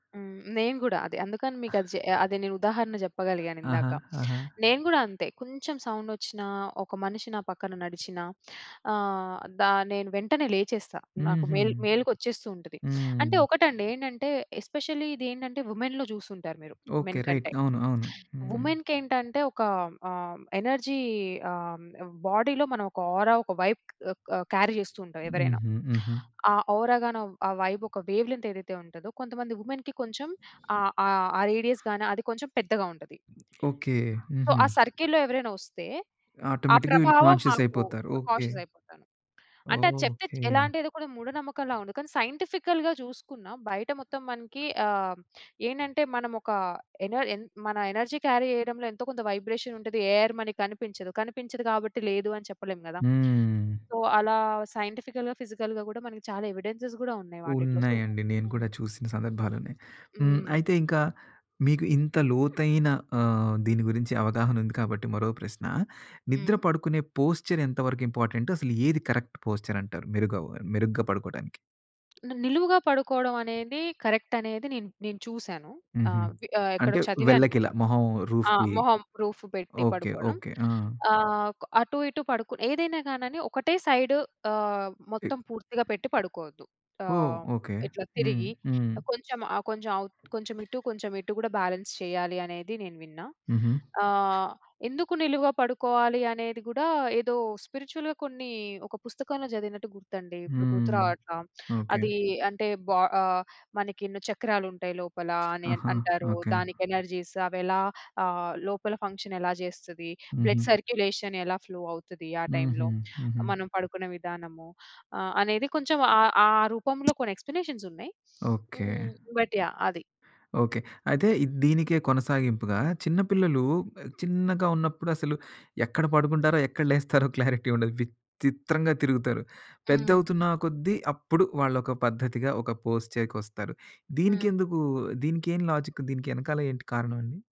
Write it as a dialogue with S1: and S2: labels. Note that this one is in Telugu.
S1: హ్మ్. నేను గూడా అదే అందుకని మీకది చె అది నేను ఉదాహరణ
S2: ఆహ్,
S1: జెప్పగలిగానిందాక.
S2: ఆహా! ఆహా!
S1: నేను గూడా అంతే కొంచెం సౌండొచ్చినా ఒక మనిషి నా పక్కన నడిచినా ఆహ్, దా నేను వెంటనే లేచేస్తా. నాకు
S2: హుహు.
S1: మేల్ మేల్కొచ్చేస్తూ ఉంటది. అంటే
S2: హ్మ్.
S1: ఒకటండి ఏంటంటే ఎస్పెషల్లీ ఇది ఏంటంటే వుమెన్‌లో జూసుంటారు మీరు
S2: ఓకే.
S1: మెన్
S2: రైట్
S1: కంటే.
S2: అవును. అవును. హ్మ్.
S1: వుమెన్‌కేంటంటే ఒక ఆహ్, ఎనర్జీ ఆహ్, ఆహ్, బాడీ‌లో మనం ఒక ఔరా ఒక వైబ్ ఆహ్, ఆహ్ కా క్యారీ జేస్తూంటాం ఎవరైనా.
S2: హుహు. హుహు.
S1: ఆ ఔరా గాని ఆహ్, ఆ వైబ్ ఒక వేవ్ లెంత్ ఏదైతే ఉంటదో కొంతమంది వుమెన్‌కి కొంచెం ఆ, ఆ, ఆ రేడియస్ గాని అది కొంచెం పెద్దగా ఉంటది.
S2: ఓకే.
S1: సో, ఆ
S2: హుహు.
S1: సర్కిల్‌లో ఎవరైనా ఒస్తే ఆ
S2: ఆటోమేటిక్‌గా వీళ్ళు
S1: ప్రభావం
S2: కాన్షియస్
S1: మాకు
S2: అయిపోతారు. ఓకే.
S1: కాషియసయిపోతాను. అంటే
S2: ఓహ్!
S1: అది చెప్తే చ్ ఎలా
S2: ఓకే.
S1: అంటే ఎదో కూడా మూఢ నమ్మకంలా ఉంది. కానీ సైంటిఫికల్‌గా జూసుకున్నా బయట మొత్తం మనకి ఆహ్, ఏంటంటే మనమోక ఎన ఎన్ మన ఎనర్జీ క్యారీ జేయడంలో ఎంతో‌కొంత వైబ్రేషనుంటది. ఎయిర్ మనకి కనిపించదు. కనిపించదు గాబట్టి లేదు అని చెప్పలేం గదా!
S2: హ్మ్.
S1: సో అలా సైంటిఫికల్‌గా, ఫిజికల్‌గా గూడా మనకి చాలా ఎవిడెన్సెస్ గూడా ఉన్నాయి వాటిట్లో సో
S2: ఉన్నాయండి. నేను
S1: హ్మ్.
S2: కూడా చూసిన సందర్భాలున్నాయి. హ్మ్.
S1: హ్మ్.
S2: అయితే ఇంకా మీకు ఇంత లోతైన ఆహ్, దీని గురించి అవగాహనుంది కాబట్టి మరో ప్రశ్న. నిద్ర
S1: హ్మ్.
S2: పడుకునే పోస్చర్ ఎంతవరకు ఇంపార్టెంట్? అసలు ఏది కరెక్ట్ పోస్చరంటారు? మెరుగవ మెరుగ్గా పడుకోటానికి?
S1: ని నిలువుగా పడుకోవడం అనేది కరెక్టనేది నేను, నేను చూసాను.
S2: హుహు.
S1: ఆహ్, వి ఆహ్, ఎక్కడో
S2: అంటే
S1: చదివాను
S2: వెల్లకిలా
S1: గూడా.
S2: మొహం
S1: ఆ!
S2: రూఫ్‌కి
S1: మొహం రూఫ్ పెట్టి
S2: ఓకే.
S1: పడుకోవడం
S2: ఓకే. ఆ!
S1: ఆహ్, కొ అటు‌ఇటు పడుకుని ఏదైనా గానని ఒకటే సైడ్ ఆహ్,
S2: ఎ
S1: మొత్తం పూర్తిగా పెట్టి పడుకోవద్దు.
S2: ఓహ్!
S1: ఆహ్,
S2: ఓకే.
S1: ఇట్ల
S2: హ్మ్.
S1: తిరిగి
S2: హ్మ్.
S1: ఆహ్, కొంచెం ఆహ్, కొంచెం అవు కొంచెం ఇటు, కొంచెం ఇటు గూడా బ్యాలెన్స్ చేయ్యాలి అనేది నేను విన్నా.
S2: హుహు.
S1: ఆహ్, ఎందుకు నిలువుగా పడుకోవాలి? అనేది గూడా ఏదో స్పిరిచువల్‌గా కొన్నీ ఒక పుస్తకంలో చదివినట్టు గుర్తండి ఇప్పుడు
S2: హ్మ్.
S1: గుర్తురావట్ల.
S2: ఓకే.
S1: అదీ అంటే బ ఆహ్, మనకి ఎన్నో చక్రాలుంటాయి లోపల అని
S2: ఆహా!
S1: అంటారు.
S2: ఓకే.
S1: దానికి ఎనర్జీస్ అవెలా ఆహ్, లోపల ఫంక్షనెలా జేస్తది? బ్లడ్
S2: హుహు.
S1: సర్క్యులేషన్ ఎలా ఫ్లో అవుతది, ఆ
S2: హుహు.
S1: టైంలో?
S2: హుహు.
S1: మనం పడుకునే విధానము, ఆహ్, అనేది కొంచెం ఆ ఆ రూపంలో కొన్ని ఎక్స్‌ప్లేనే‌షన్స్ ఉన్నాయి.
S2: ఓకే.
S1: హ్మ్. But yeah! అది.
S2: ఓకే. అయితే ఇది దీనికే కొనసాగింపుగా చిన్న పిల్లలు ఆ చిన్నగా ఉన్నప్పుడసలు ఎక్కడ పడుకుంటారో ఎక్కడ లేస్తారో క్లారిటీ ఉండదు. విచ్చిత్రంగా తిరుగుతారు.
S1: హ్మ్.
S2: పెద్దవుతున్నా కొద్ది అప్పుడు వాళ్లొక పద్ధతిగా ఒక పోష్‌చే కొస్తారు.
S1: హ్మ్.
S2: దీనికెందుకూ దీనికేం లాజిక్ దీనికెనకాల ఏంటి కారణం అండి?